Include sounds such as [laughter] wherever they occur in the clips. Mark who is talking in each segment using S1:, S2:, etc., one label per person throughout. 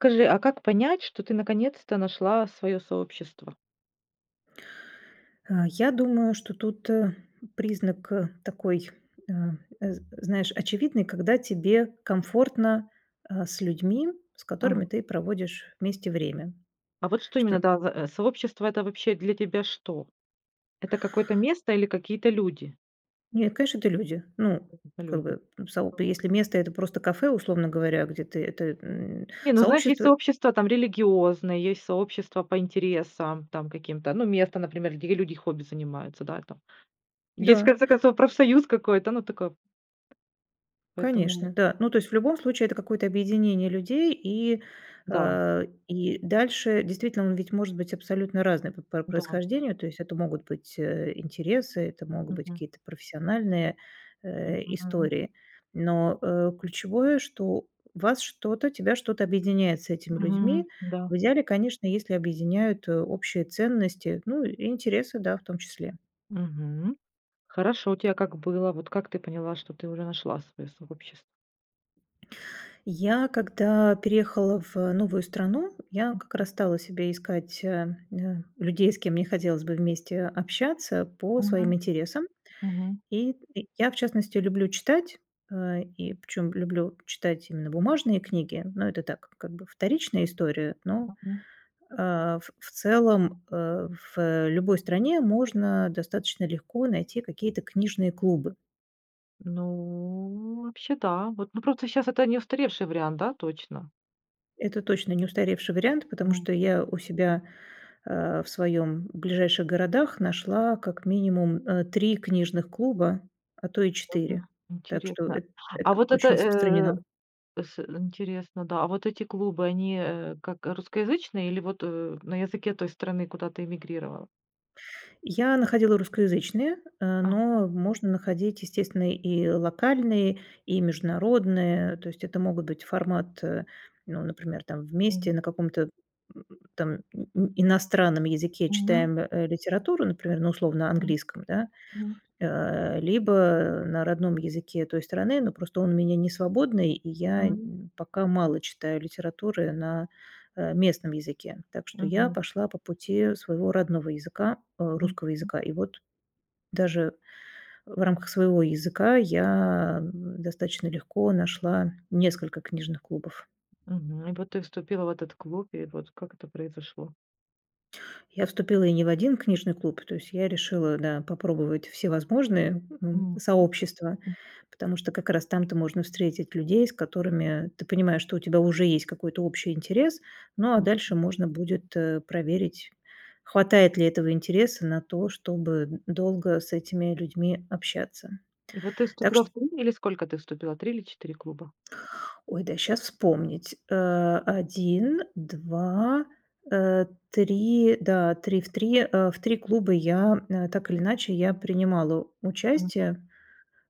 S1: Скажи, а как понять, что ты наконец-то нашла свое сообщество?
S2: А, я думаю, что тут признак такой, а, з знаешь, очевидный, когда тебе комфортно, а, с людьми, с
S1: А.
S2: которыми ты проводишь вместе время,
S1: А вот что
S2: што
S1: именно, да, за сообщество, это вообще для тебя что? Это какое-то место или какие-то люди?
S2: Не, конечно, это люди. Ну,
S1: Это
S2: как
S1: люди.
S2: бы, сооб Если место- это просто кафе, условно говоря, где ты ты, м,
S1: Не, ну знаешь, есть
S2: сообщество
S1: сообщества там религиозные, есть сообщества по интересам там каким-то, ну, место, например, где люди хобби занимаются, да и там. Есть, в
S2: Да.
S1: конце концов, профсоюз какой-то, ну, такое. Поэтому
S2: Конечно, да. Ну, то есть в любом случае это какое-то объединение людей, и,
S1: Да.
S2: а, и дальше действительно он ведь может быть абсолютно разным по пр
S1: Да.
S2: происхождению. То есть это могут быть, э, интересы, это могут быть
S1: Мгм.
S2: какие-то профессиональные, э,
S1: Мгм.
S2: истории, но, э, ключевое, что вас что-то тебя что-то объединяет с этими людьми.
S1: Мгм. Да.
S2: В идеале, конечно, если объединяют общие ценности, ну и интересы, да, в том числе.
S1: Мгм. Хорошо, у тебя как было, вот как ты поняла, что ты уже нашла свое сообщество?
S2: Я, когда переехала в новую страну, я как раз стала себе искать, э, людей, с кем мне хотелось бы вместе общаться по своим
S1: Мгм.
S2: интересам.
S1: Мгм.
S2: И, э, я, в частности, люблю читать, а, и причём люблю читать именно бумажные книги, но это так, как бы, вторичная история, но,
S1: [unintelligible]
S2: а, ф в целом, э, в любой стране можно достаточно легко найти какие-то книжные клубы.
S1: Ну, вообще, да, вот, ну, просто щас это не устаревший вариант, да, точно?
S2: Это точно не устаревший вариант, потому
S1: М.
S2: что я у себя, а, в своём ближайших городах нашла как минимум, э, 3 книжных клуба, а то и 4.
S1: Ага,
S2: Так что
S1: интересно,
S2: эт
S1: а
S2: это
S1: вот это,
S2: очень
S1: э,
S2: распространено.
S1: с интересно, да, а вот эти клубы, они, э, как русскоязычные или вот, э, на языке той страны, куда ты эмигрировала?
S2: Я находила русскоязычные, э,
S1: Ага.
S2: но можно находить, естественно, и локальные, и международные. То есть это могут быть формат, э, ну, например, там вместе
S1: Мгм.
S2: на каком-то, м, там и иностранном языке
S1: Мгм.
S2: читаем, э, литературу, например, на условно
S1: Мгм,
S2: английском, да.
S1: мгм.
S2: Э, либо на родном языке той страны, но просто он у меня не свободный, и я
S1: Мгм.
S2: нь пока мало читаю литературы на, э, местном языке. Так что я
S1: Мгм.
S2: пошла по пути своего родного языка, а, русского
S1: [unintelligible]
S2: языка. И вот даже в рамках своего языка я н достаточно легко нашла несколько книжных клубов.
S1: Мгм. Вот ты вступила в этот клуб, и вот как это произошло.
S2: Я вступила и не в 1 книжный клуб, то есть я решила, да, попробовать всевозможные, м,
S1: Мгм.
S2: сообщества, потому что как раз там-то можно встретить людей, с которыми ты понимаешь, что у тебя уже есть какой-то общий интерес. Ну, а
S1: Мгм.
S2: дальше можно будет, э, проверить, хватает ли этого интереса на то, чтобы долго с этими людьми общаться,
S1: И вот ты
S2: так
S1: вступила
S2: что
S1: в 3 или сколько ты вступила: 3 или 4 клуба?
S2: Ой, дай сейчас вспомнить, э, 1, 2, э, 3, да, 3 в 3 э, в 3 клуба я, м, так или иначе я принимала
S1: Мгм.
S2: участие,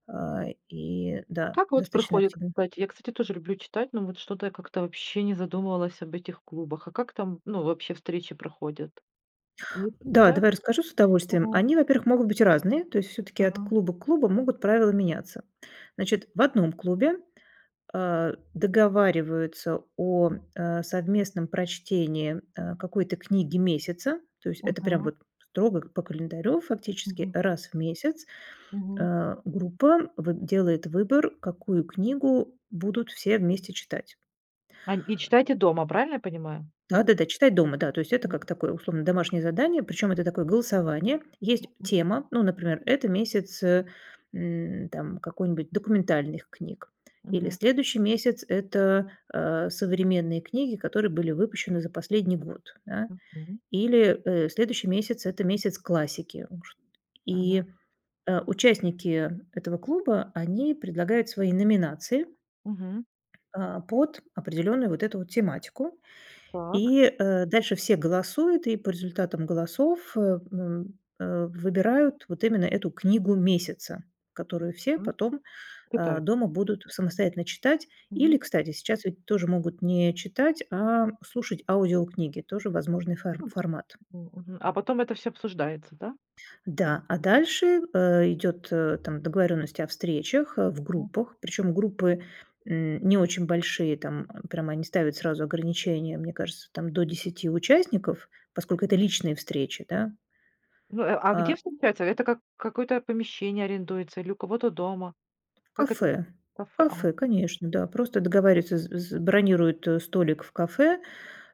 S2: э, и,
S1: А
S2: да,
S1: как вот
S2: достаточно
S1: проходят
S2: активно.
S1: кстати, я, кстати, тоже люблю читать, но вот что-то я как-то вообще не задумывалась об этих клубах. А как там, ну, вообще встречи проходят?
S2: Да, давай расскажу с
S1: [unintelligible]
S2: удовольствием.
S1: Мгм.
S2: Они, во-первых, могут быть и разные, то есть всё-таки от
S1: Мгм.
S2: клуба к клубу могут правила меняться. Значит, в одном клубе, э, договариваются о, э, совместном прочтении, э, какой-то книги месяца, то есть это прям
S1: Мгм.
S2: вот строго по календарю фактически
S1: Мгм.
S2: раз в месяц,
S1: Мгм.
S2: э, группа выб делает выбор, какую книгу будут все вместе читать.
S1: А, нь и читайте дома, правильно я понимаю?
S2: Да-да-да, читать дома, да, то есть это как такое условно домашнее задание, причем это такое голосование. Есть
S1: Мгм.
S2: тема, ну, например, это месяц, э, м, там какой-нибудь документальных книг или
S1: Мгм.
S2: следующий месяц- это, э, современные книги, которые были выпущены за последний год, да,
S1: Мгм.
S2: или, э, следующий месяц- это месяц классики ужт
S1: Мгм.
S2: И, э, участники этого клуба, они предлагают свои номинации.
S1: Мгм.
S2: Э, под определенную вот эту вот тематику,
S1: Так.
S2: и, э, дальше все голосуют, и по результатам голосов, э, м, э, выбирают вот именно эту книгу месяца, которую все потом, э,
S1: Читай.
S2: дома будут самостоятельно читать. Или,
S1: Мгм.
S2: кстати, сейчас ведь тоже могут не читать, а слушать аудиокниги, тоже возможный фор формат.
S1: М, мгм, а потом это все обсуждается, да?
S2: Да, а дальше, э, идет, э, там договоренность о встречах, э, в группах, причем группы, м, не очень большие, там прям они ставят сразу ограничения. Мне кажется, там до 10 участников, поскольку это личные встречи, да.
S1: Ну, а а где
S2: А.
S1: встречаются? Это как какое-то помещение арендуется или у кого-то дома? Как это,
S2: Кафе,
S1: кафе, ага.
S2: кафе, конечно, да, просто договариваться, з з бронируют, э, столик в кафе,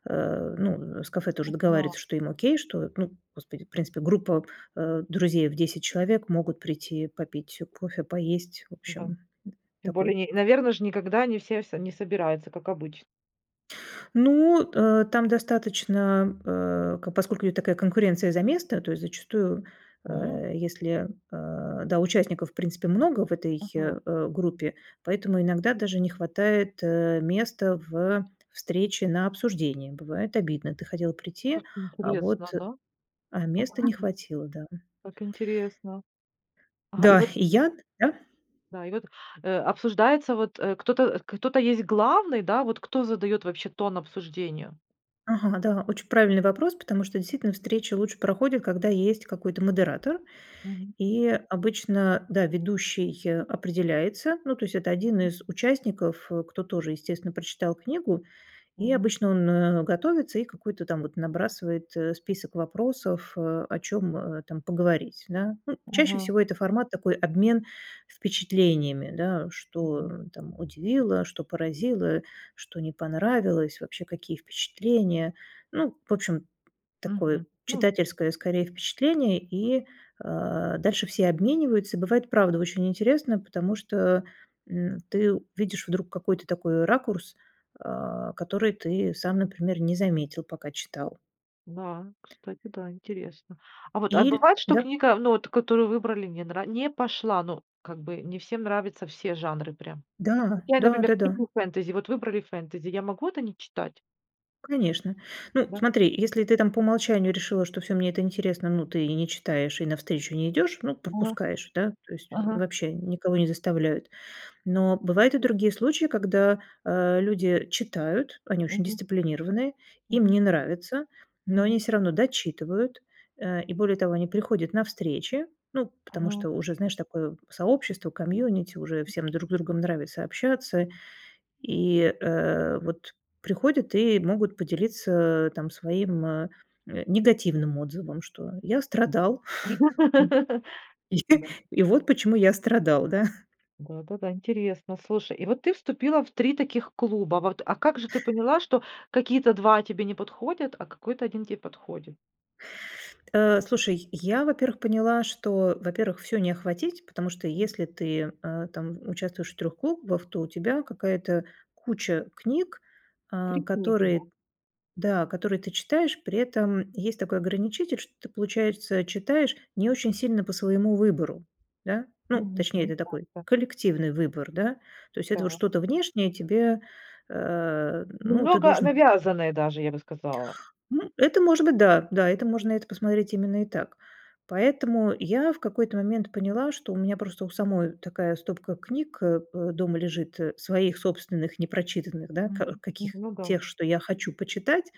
S2: э, ну, с кафе тоже
S1: [unintelligible]
S2: договариваются, что им окей, что, ну, господи, в принципе группа, э, друзей в 10 человек могут прийти попить кофе, поесть. В общем,
S1: Да.
S2: м,
S1: Тем более,
S2: такой.
S1: не наверное ж никогда не все все не собираются, как обычно.
S2: Ну, э, там достаточно, э, к поскольку такая конкуренция за место, то есть зачастую,
S1: М.
S2: э, если, э, да, участников в принципе много в этой,
S1: Мгм.
S2: э, группе, поэтому иногда даже не хватает, э, места в встрече на обсуждении. Бывает обидно: ты хотел прийти,
S1: Как
S2: а
S1: интересно,
S2: вот,
S1: да?
S2: а места не хватило. Да.
S1: [unintelligible] Как интересно. Ага, и
S2: Да,
S1: вот
S2: и я, да.
S1: да и вот, э, обсуждается, вот, э, кто-то э, кто-то есть главный. Да, вот кто задает вообще тон обсуждению.
S2: Ага, да, очень правильный вопрос, потому что действительно встречи лучше проходят, когда есть какой-то модератор,
S1: Мгм.
S2: и обычно, да, ведущий определяется. Ну, то есть это один из участников, э, кто тоже, естественно, прочитал книгу. И
S1: Мгм.
S2: обычно он, э, готовится и какой-то там вот набрасывает, э, список вопросов, о чем, э, там поговорить, да. Ну, чаще
S1: Мгм.
S2: всего это формат такой- обмен впечатлениями, да: что,
S1: Мгм.
S2: м, там удивило, что поразило, что не понравилось, вообще какие впечатления. Ну, в общем, такое
S1: Мгм. Ну
S2: читательское, скорее, впечатление, и, э, дальше все обмениваются. И бывает правда очень интересно, потому что, м, ты видишь вдруг какой-то такой ракурс, э, который ты сам, например, не заметил, пока читал.
S1: Да, кстати, да, интересно, а вот, а
S2: Иль
S1: бывает, что
S2: да.
S1: книга, ну вот которую выбрали, не нра не пошла, ну, как бы не всем нравятся все жанры прям. Вот
S2: Да.
S1: я,
S2: Да,
S1: например,
S2: да,
S1: не
S2: да.
S1: люблю фэнтези, вот выбрали фэнтези, я могу это не читать?
S2: Конечно, ну,
S1: Да.
S2: смотри: если ты там по умолчанию решила, что всё, мне это интересно, ну, ты и не читаешь, и на встречу не идешь, ну,
S1: Ага,
S2: пропускаешь, да, то есть, м,
S1: ага.
S2: вообще никого не заставляют. Но бывают и другие случаи, когда, а, люди читают, они очень
S1: Мгм.
S2: дисциплинированные, им
S1: Мгм.
S2: не нравится, но они
S1: Мгм.
S2: всё равно дочитывают, э, и, более того, они приходят на встречи, ну, потому что,
S1: Ага.
S2: уже знаешь, такое сообщество, комьюнити, уже всем друг другом нравится общаться, и, э, вот приходят и могут поделиться там своим, э, э, негативным отзывом, что: "Я страдал". [chuckles]
S1: [laughs]
S2: И
S1: Дали.
S2: и вот почему я страдал, да.
S1: Да-да-да, интересно, слушай, и вот ты вступила в 3 таких клуба вот, а как же ты поняла, что какие-то 2 тебе не подходят, а какой-то 1 те подходит?
S2: Э, слушай, я во-первых поняла, что во-первых всё не охватить, потому что
S1: М.
S2: если ты, э, там участвуешь в 3 клубах, то у тебя какая-то куча книг, а,
S1: 3 книги, да.
S2: которые, да, которые ты читаешь, при этом есть такой ограничитель, что ты получается читаешь не очень сильно по своему выбору, да. Ну
S1: Мгм.
S2: точнее это такой
S1: [unintelligible]
S2: коллективный выбор, да. То есть это
S1: Так.
S2: что-то внешнее тебе, э, ну ты
S1: Немного
S2: должен.
S1: навязанные даже, я бы сказала.
S2: Ну это может быть, да, да, это можно это посмотреть именно и так. Поэтому я в какой-то момент поняла, что у меня просто у самой такая стопка книг, э, э, дома лежит, э, своих собственных непрочитанных, да,
S1: Мгм,
S2: ка
S1: м,
S2: каких
S1: ну да.
S2: тех, что я хочу почитать,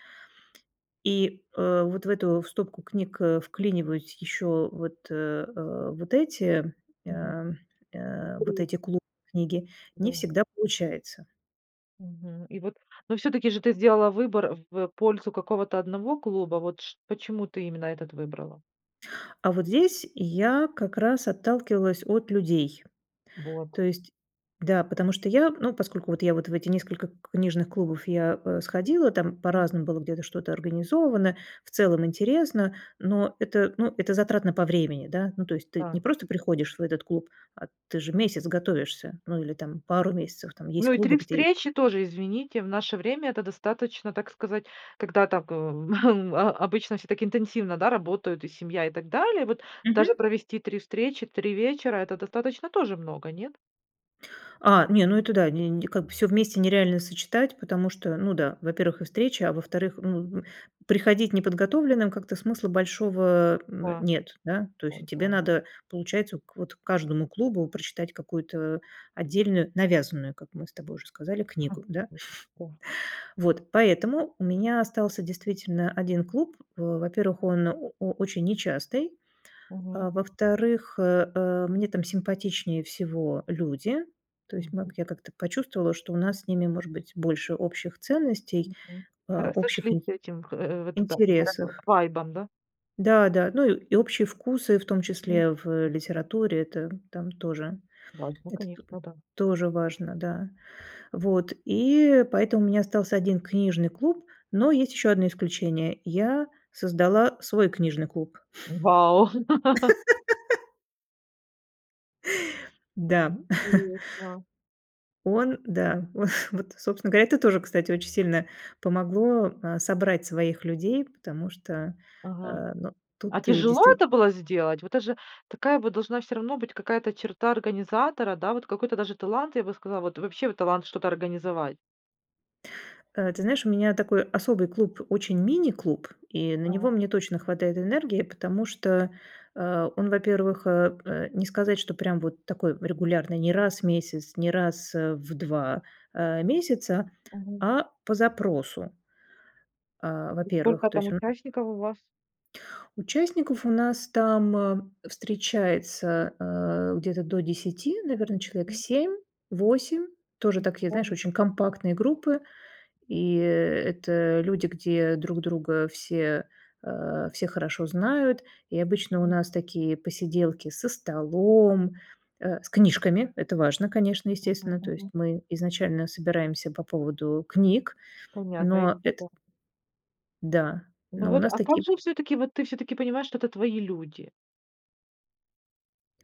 S2: и, э, вот в эту в стопку книг, э, вклиниваюсь еще вот, а, вот эти,
S1: Мгм.
S2: а, а, э, вот
S1: 3.
S2: эти клубные книги, не
S1: Да.
S2: всегда получается.
S1: Мгм и вот. Но все-таки же ты сделала выбор в, э, пользу какого-то одного клуба, вот шт почему ты именно этот выбрала?
S2: А вот здесь я, как раз, отталкивалась от людей, то
S1: Вот.
S2: есть, да, потому что я, ну, поскольку вот я вот в эти несколько к книжных клубов я, э, сходила, там
S1: М.
S2: по-разному было где-то что-то организовано, в целом интересно, но это, ну, это затратно по времени, да. Ну, то есть ты не
S1: Да.
S2: просто приходишь в этот клуб, а ты же месяц готовишься, ну или там пару месяцев, там есть
S1: Ну и
S2: клубы,
S1: 3
S2: где
S1: встречи тоже, извините, в наше время это достаточно, так сказать, когда так, [chuckles] э, о о обычно все так интенсивно, да, работают, и семья, и так далее, вот
S2: Мгм.
S1: даже провести 3 встречи, 3 вечера это достаточно тоже много, нет?
S2: А, не, ну, это да не н как всё вместе нереально сочетать потому что, ну да, во-первых, и встречи, а во-вторых, ну, м, приходить неподготовленным как-то смысла большого, м,
S1: Да.
S2: нет, да. То
S1: В
S2: есть, а,
S1: том-то
S2: тебе
S1: оно
S2: надо, получается, вот к каждому клубу прочитать какую-то отдельную, навязанную, как мы с тобой уже сказали, книгу,
S1: [chuckles]
S2: да? [chuckles]
S1: Мгм. Да.
S2: Вот. Поэтому у меня остался действительно 1 клуб. В во-первых он о очень нечастый,
S1: Мгм.
S2: а, во-вторых, э, э, мне там симпатичнее всего люди, то есть маг
S1: Мгм.
S2: я как-то почувствовала что у нас с ними может быть больше общих ценностей,
S1: Мгм. Хор
S2: а общих ин
S1: сошлись этим х х э, вот это
S2: интересов.
S1: вайбом, да.
S2: Да-да, ну, и общие вкусы, в том
S1: М
S2: числе, в, э,
S1: мгм.
S2: литературе- это там тоже,
S1: Важно,
S2: это то
S1: конечно, да.
S2: тоже важно, да. Вот и поэтому у меня остался 1 книжный клуб, но есть еще одно исключение- я создала свой книжный клуб.
S1: Вау! [laughs]
S2: [laughs] Да.
S1: Интересно.
S2: Он да, во [chuckles] вот собственно говоря, это тоже, кстати, очень сильно помогло, а, собрать своих людей, потому что,
S1: Ага.
S2: а, ну,
S1: А
S2: тут ты
S1: тяжело это
S2: действительно
S1: было сделать, в это же такая вот должна всё равно быть какая-то черта организатора, да, вот какой-то даже талант, я бы сказала, вот вообще, талант что-то организовать.
S2: А, ты знаешь, у меня такой особый клуб, очень "мини" клуб, и на него
S1: Ага.
S2: мне точно хватает энергии, потому что, а, он, во-первых, э, э, не сказать что прям вот такой регулярный, не раз в месяц, не раз, э, в 2, а, месяца,
S1: Мгм.
S2: а по запросу. А,
S1: И
S2: во-первых,
S1: сколько
S2: то
S1: там
S2: есть он.
S1: участников у вас?
S2: Участников у нас там, э, встречается, а, где-то до 10 наверно человек
S1: Мгм.
S2: 7-8, тоже такие знаешь
S1: [unintelligible]
S2: очень компактные группы, и это люди где друг друга все, а, все хорошо знают и обычно у
S1: М.
S2: нас такие посиделки со столом, э, с книжками- это важно, конечно,
S1: Мгм
S2: естественно, то есть
S1: мгм.
S2: мы изначально собираемся по поводу книг.
S1: Понятно, и
S2: Но
S1: это
S2: это
S1: да.
S2: Да,
S1: Ну
S2: но у
S1: вот,
S2: нас
S1: а как
S2: таки
S1: же все-таки, вот ты все-таки понимаешь, что это твои люди?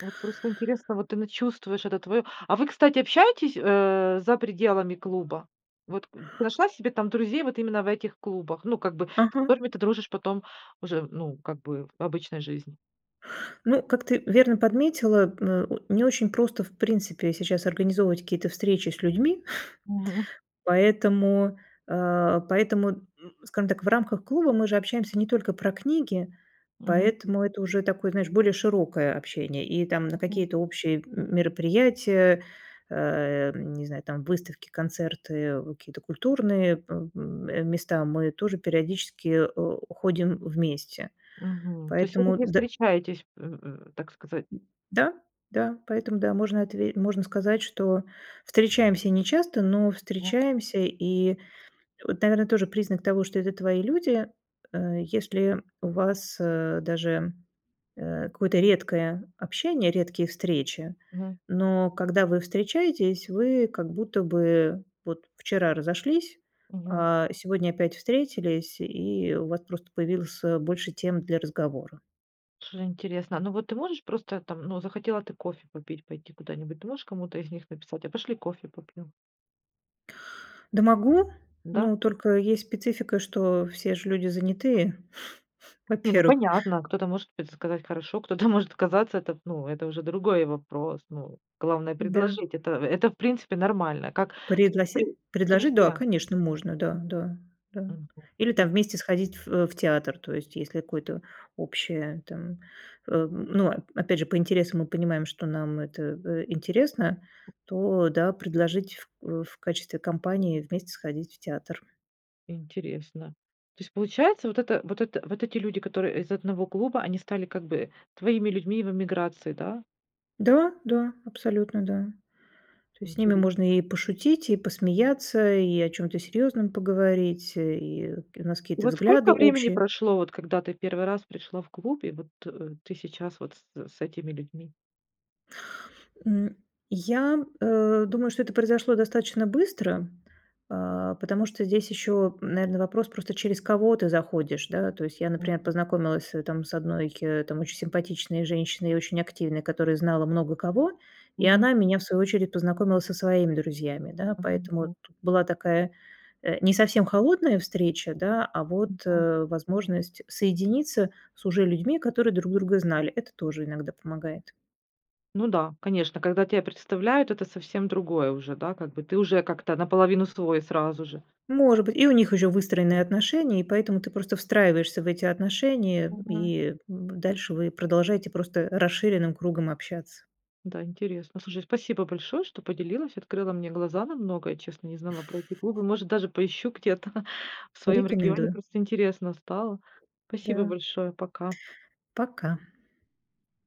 S1: Вот просто интересно, вот ты на чувствуешь это твое, а вы, кстати, общаетесь, э, за пределами клуба, вот к ты нашла себе там друзей, вот именно в этих клубах, ну, как бы, с
S2: Ага.
S1: которыми ты дружишь потом уже, ну, как бы, в обычной жизни.
S2: Ну, как ты верно подметила, м, э, не очень просто, в принципе, сейчас организовывать какие-то встречи с людьми,
S1: Мгм.
S2: [scoffs] поэтому, а, поэтому, м, скажем так, в рамках клуба мы же общаемся не только про книги,
S1: Мгм.
S2: поэтому, это уже такое, знаешь, более широкое общение и там на
S1: Ага.
S2: какие-то общие м мероприятия, а, не знаю, там выставки концерты какие-то культурные, э, м места мы тоже периодически, э, ходим вместе
S1: Мгм. То есть вы
S2: поэтому
S1: все-таки
S2: д
S1: встречаетесь, э, э, так сказать.
S2: д да, да поэтому, да, можно отве можно сказать, что встречаемся нечасто, но
S1: Да.
S2: встречаемся, и вот, наверное, тоже признак того, что это твои люди, э, если у вас, э, даже, э, какое-то редкое общение, редкие встречи,
S1: Мгм.
S2: но когда вы встречаетесь, вы как будто бы вот вчера разошлись,
S1: Мгм.
S2: а сегодня опять встретились, и у вас просто появилось, э, больше тем для разговора.
S1: Слушай интересно. Ну вот ты можешь просто там, ну захотела ты кофе попить, пойти куда-нибудь. Ты можешь кому-то из них написать: "A пошли кофе попьем?"
S2: Да, могу,
S1: Да?
S2: но только есть специфика, что все ж люди занятые, [chuckles]
S1: Не, ну,
S2: во-первых.
S1: понятно, кто-то, может быть, сказать: "Хорошо", кто-то может оказаться- это, ну, это уже другой вопрос. Ну, главное-
S2: Да.
S1: предложить, это, в это, в принципе, нормально. Как
S2: Предлоси
S1: [unintelligible]
S2: предложить? Да,
S1: друзья.
S2: конечно, можно, да да да.
S1: Мгм,
S2: Или там
S1: тимь.
S2: вместе сходить в в театр. То есть если какое-то общее там. Ам, ну, опять же по интересам мы понимаем, что нам это в интересно, то да, предложить ф в качестве компании вместе сходить в театр.
S1: Интересно, то есть получается, вот это вот это вот эти люди, которые из одного клуба, они стали как бы твоими людьми в эмиграции, да?
S2: Да, да, абсолютно да, то есть с ними
S1: Интере
S2: можно и пошутить, и посмеяться, и о чем-то серьезном поговорить, и кь у нас
S1: И
S2: какие-то
S1: вот
S2: взгляды
S1: сколько времени
S2: общие.
S1: прошло, вот когда ты в 1 раз пришла в клуб, и вот ты сейчас вот с с этими людьми?
S2: М, я, э, думаю, что это произошло достаточно быстро, а, потому что здесь еще, м, наверно, вопрос просто, через кого ты заходишь, да. То есть я, например,
S1: Мгм.
S2: познакомилась, э, там с одной, там, очень симпатичной женщиной и очень активной, которая знала много кого, и
S1: Мгм.
S2: она меня, в свою очередь, познакомила со своими друзьями, да. Поэтому
S1: Повезло.
S2: тут была такая, э, не совсем холодная встреча, да, а
S1: И
S2: вот,
S1: по
S2: э, возможность соединиться с уже людьми, которые друг друга знали. Это тоже иногда помогает.
S1: Ну да, конечно, когда тя представляют, это совсем другое уже, да, как бы, ты уже как-то наполовину свой сразу же.
S2: Может быть, и у них еще выстроенные отношения, и поэтому ты просто встраиваешься в эти отношения,
S1: Мгм.
S2: и, м, б дальше вы продолжаете просто расширенным кругом общаться.
S1: Да, интересно. Слушай, спасибо большое, что поделилась, открыла мне глаза на многое. Честно, не знала про эти клубы. Может, даже поищу где-то [chuckles] в своём регионе,
S2: Рекомендую.
S1: просто интересно стало. Спасибо
S2: Да.
S1: большое. Пока.
S2: Пока.